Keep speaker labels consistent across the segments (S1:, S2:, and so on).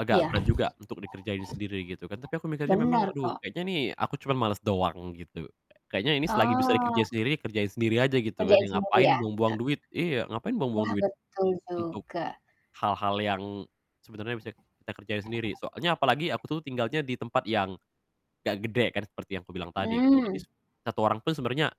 S1: Agak
S2: Iya.
S1: berat juga untuk dikerjain sendiri, gitu kan. Tapi aku mikirnya memang,
S2: Benar,
S1: "Aduh,
S2: kok.
S1: kayaknya nih aku cuman males doang," gitu. "Kayaknya ini selagi bisa
S2: Oh.
S1: dikerjain sendiri, kerjain sendiri aja," gitu kan,
S2: Kerjain
S1: ya.
S2: sendiri,
S1: "Ngapain
S2: ya? Nggak
S1: buang-buang duit" iya, ngapain buang-buang
S2: Wah,
S1: duit,
S2: betul
S1: untuk
S2: juga.
S1: hal-hal yang sebenernya bisa kita kerjain sendiri. Soalnya apalagi aku tuh tinggalnya di tempat yang nggak gede kan seperti yang aku bilang tadi gitu. Jadi,
S2: Mmm.
S1: s satu orang tuh sebenernya,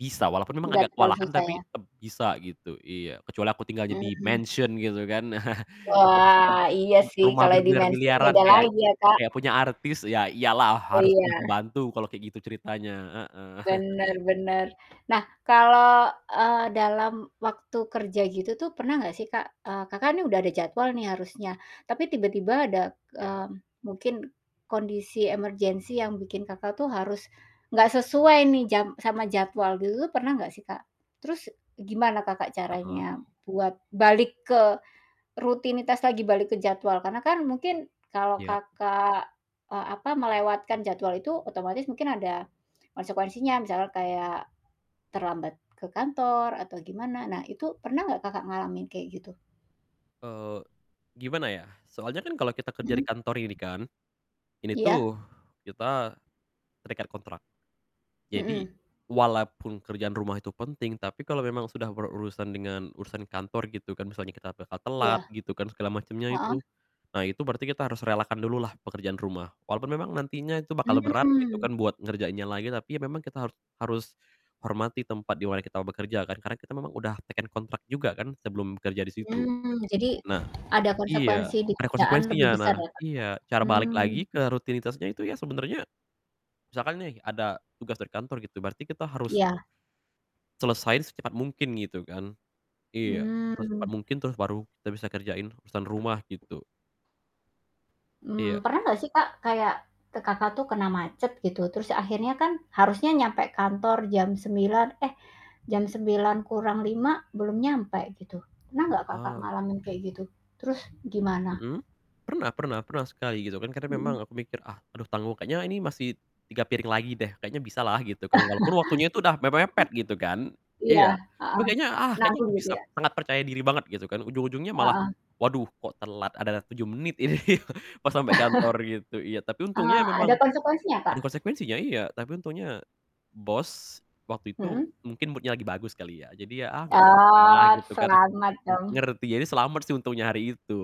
S1: bisa walaupun memang
S2: Nggak
S1: agak
S2: terlalu
S1: kewalahan
S2: susah
S1: tapi
S2: ya?
S1: tetap bisa gitu iya, kecuali aku tinggalnya di
S2: Mmm.
S1: mansion gitu kan.
S2: Wah,
S1: [unintelligible]
S2: iya sih
S1: Rumah
S2: kalau di mansion
S1: bermiliar-miliaran
S2: beda
S1: kayak
S2: lagi ya, Kak.
S1: kayak punya artis, ya iyalah, harus
S2: Iya.
S1: punya pembantu kalau kayak gitu ceritanya, heeh.
S2: Benar benar. Nah kalau, eee, dalam waktu kerja gitu tuh pernah nggak sih Kak, eee, Kakak nih udah ada jadwal nih harusnya, tapi tiba-tiba ada,
S1: Iya.
S2: mmm, mungkin kondisi emergency yang bikin Kakak tuh harus, nggak sesuai nih jam sama jadwal gitu tuh pernah nggak sih Kak? Terus, gimana Kakak
S1: Heeh.
S2: caranya buat balik ke rutinitas lagi, balik ke jadwal, karena kan mungkin kalau
S1: Iya.
S2: Kakak, eee, apa melewatkan jadwal itu otomatis mungkin ada konsekuensinya, misalnya kayak, terlambat ke kantor atau gimana. Nah itu pernah nggak Kakak ngalamin kayak gitu?
S1: Eee, gimana ya, soalnya kan kalau kita kerja
S2: Mhm.
S1: di kantor ini kan, ini tuh
S2: Iya.
S1: kita terikat kontrak. Jadi,
S2: Mhm.
S1: walaupun kerjaan rumah itu penting, tapi kalau memang sudah berurusan dengan urusan kantor gitu kan, misalnya kita bakal
S2: Iya.
S1: telat gitu kan, segala macemnya itu.
S2: Heeh.
S1: Nah, itu berarti kita harus relakan dulu lah pekerjaan rumah, walaupun memang nantinya itu bakal berat gitu
S2: Mmm.
S1: kan, buat ngerjainnya lagi tapi, ya memang kita harus harus hormati tempat di mana kita bekerja kan. Karena kita memang udah teken kontrak juga kan sebelum kerja di situ.
S2: Mmm, jadi
S1: Nah
S2: ada
S1: iya,
S2: konsekuensi di
S1: ada
S2: kerjaan
S1: konsekuensinya,
S2: lebih besar
S1: nah
S2: ya Kak?
S1: iya, cara balik lagi
S2: Mmm.
S1: ke rutinitasnya itu ya sebenernya, misalkan nih ada tugas dari kantor gitu, berarti kita harus
S2: Iya.
S1: selesain secepat mungkin, gitu kan. Iya, secepat
S2: Mmm.
S1: mungkin, terus baru kita bisa kerjain urusan rumah, gitu. Iya.
S2: Mmm, pernah nggak sih Kak kayak, ke Kakak tuh kena macet gitu, terus akhirnya kan, harusnya nyampe kantor jam 9:00, eh jam 8:55 belum nyampe, gitu. Pernah nggak Kakak
S1: Eee.
S2: ngalamin kayak gitu? Terus, gimana?
S1: Mhm? Pernah pernah pernah, sekali, gitu kan. Karena memang
S2: Mhm.
S1: aku mikir, "Ah aduh tanggung, kayaknya ini masih 3 piring lagi deh, kayaknya bisalah," gitu kan. Walaupun waktunya itu udah mepet-mepet gitu kan
S2: Iya,
S1: iya, tapi
S2: heeh.
S1: kayaknya, "Ah, kayaknya
S2: Nanggung,
S1: ke
S2: gitu
S1: bisa,"
S2: ya?
S1: sangat percaya diri banget, gitu kan, ujung-ujungnya malah,
S2: Heeh.
S1: "Waduh kok telat ada 7 menit ini," pas sampai kantor gitu, iya. Tapi untungnya
S2: Eee, ada
S1: memang
S2: konsekuensinya
S1: ada
S2: Kak?
S1: konsekuensinya, iya. Tapi untungnya bos waktu itu
S2: Mhm.
S1: mungkin mood-nya lagi bagus kali ya. Jadi ya, "Ah, nggak apa-apa lah,"
S2: Oh,
S1: gitu kan.
S2: selamat
S1: Ng
S2: dong.
S1: ngerti, ya selamat sih untungnya hari itu.